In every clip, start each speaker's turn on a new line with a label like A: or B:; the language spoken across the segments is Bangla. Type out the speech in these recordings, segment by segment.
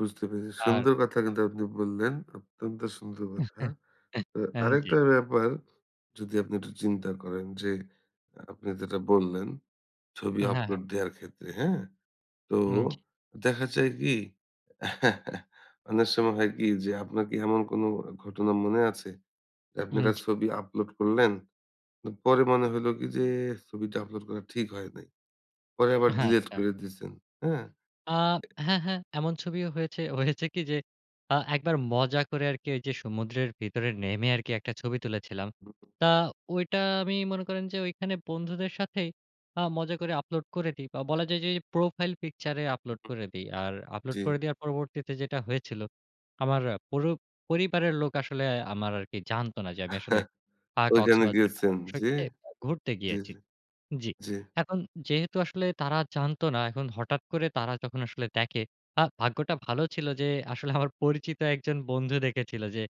A: বুঝতে পেরেছি।
B: আর
A: সুন্দর কথা কিন্তু আপনি বললেন। অত্যন্ত সুন্দর কথা। তো
B: জ্বী।
A: আরেকটা ব্যাপার যদি আপনি একটু চিন্তা করেন যে, আপনি যেটা বললেন, ছবি
B: হ্যাঁ, হ্যাঁ।
A: আপলোড দেওয়ার ক্ষেত্রে। হ্যাঁ? তো
B: এম জ্বী।
A: দেখা যায় কি? অনেক সময় হয় কি যে, আপনার কি এমন কোন ঘটনা মনে আছে? যে,
B: এম
A: আপনারা
B: জ্বী।
A: ছবি আপলোড করলেন। পরে মনে হইলো কি যে, ছবিটা আপলোড করা ঠিক হয় নাই। পরে আবার
B: হ্যাঁ,
A: ডিলিট
B: একটা।
A: করে দিছেন। হ্যাঁ?
B: আ হ্যাঁ, হ্যাঁ। এমন ছবিও হয়েছে, হয়েছে কি যে, আ একবার মজা করে আরকি ঐযে সমুদ্রের ভিতরে নেমে আরকি একটা ছবি তুলেছিলাম।
A: হুম।
B: তা ঐটা আমি মনে করেন যে, ঐখানে বন্ধুদের সাথেই আ মজা করে আপলোড করে দিই। বা বলা যায় ঐ যে, প্রোফাইল পিকচার এ আপলোড
A: হুম।
B: করে দিই। আর আপলোড
A: জ্বী।
B: করে দেওয়ার পরবর্তীতে যেটা হয়েছিল। আমার পুরো পরিবারের লোক আসলে আমার আরকি জানতো না যে, আমি আসলে আ
A: ঐখানে
B: কক্সবাজার
A: গিয়েছেন,
B: সমুদ্র
A: জ্বী।
B: সৈকতে ঘুরতে
A: জ্বী,
B: গিয়েছি।
A: জ্বী।
B: জ্বী।
A: জ্বী।
B: এখন যেহেতু আসলে তারা জানতো না এখন হঠাৎ করে তারা যখন আসলে দেখে আ ভাগ্যটা ভালো ছিল যে, আসলে আমার পরিচিত একজন বন্ধু দেখেছিল যে,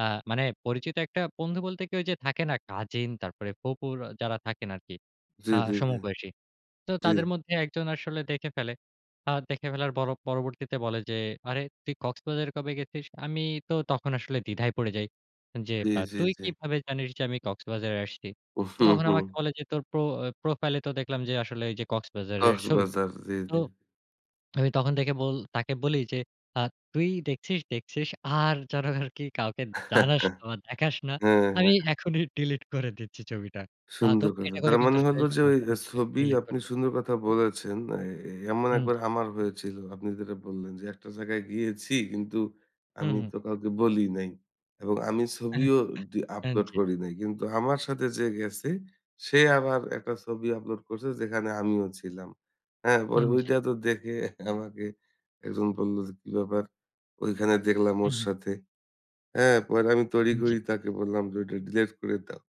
B: আ মানে পরিচিত একটা বন্ধু বলতে, ঐ যে, থাকে না কাজিন তারপরে ফুফুর যারা থাকেন আরকি।
A: জ্বী,
B: আ
A: জ্বী, জ্বী।
B: সমবয়সী। তো
A: জ্বী।
B: তাদের মধ্যে একজন আসলে দেখে ফেলে। আ দেখে ফেলার পর পরবর্তীতে বলে যে, আরে তুই কক্সবাজারে কবে গেছিস? আমি তো তখন আসলে দ্বিধায় পড়ে যাই। যে,
A: জ্বী,
B: পা
A: জ্বী,
B: তুই
A: জ্বী।
B: কিভাবে জানিস যে, আমি কক্সবাজারে আসছি? তো
A: হু,
B: তখন আমাকে
A: হুম।
B: বলে যে, তোর প্রো প্রোফাইল এ তো দেখলাম যে, আসলে ঐ যে, কক্সবাজারের ছবি।
A: কক্সবাজার। জ্বী,
B: তো,
A: জ্বী।
B: আমি তখন থেকে বল তাকে বলি যে, আ তুই দেখছিস, দেখছিস আর যেন আরকি কাউকে জানাস বা দেখাস না।
A: হ্যাঁ,
B: আমি
A: হ্যাঁ।
B: এখনই ডিলিট করে দিচ্ছি ছবিটা। আ তো
A: সুন্দর কথা।
B: এটা করে
A: তার
B: কিন্তু
A: মানে
B: আসলে
A: হল যে, ঐ
B: সাথে, সাথে,
A: ছবি
B: ডিলিট
A: আপনি
B: করে দেই।
A: সুন্দর কথা বলেছেন। এ, এ এমন
B: হুম,
A: একবার
B: জি।
A: আমার হয়েছিল। আপনি যেটা বললেন যে, একটা জায়গায় গিয়েছি, কিন্তু
B: হুম,
A: আমি
B: হুম।
A: তো কাউকে বলি নাই। এবং আমি ছবিও
B: অ্যা
A: দি আপলোড
B: জ্বী।
A: করি নাই। কিন্তু আমার সাথে যে, গেছে, সে আবার একটা ছবি আপলোড করছে যেখানে আমিও ছিলাম। হ্যাঁ? পরে
B: উম জ্বী।
A: ঐটা তো দেখে আমাকে একজন বলল যে, কি ব্যাপার? ঐখানে দেখলাম
B: হু,
A: ওর
B: হুম।
A: সাথে। অ্যা পরে আমি তড়িঘড়ি করি
B: জ্বী।
A: তাকে বললাম যে, ঐটা ডিলিট করে দাও।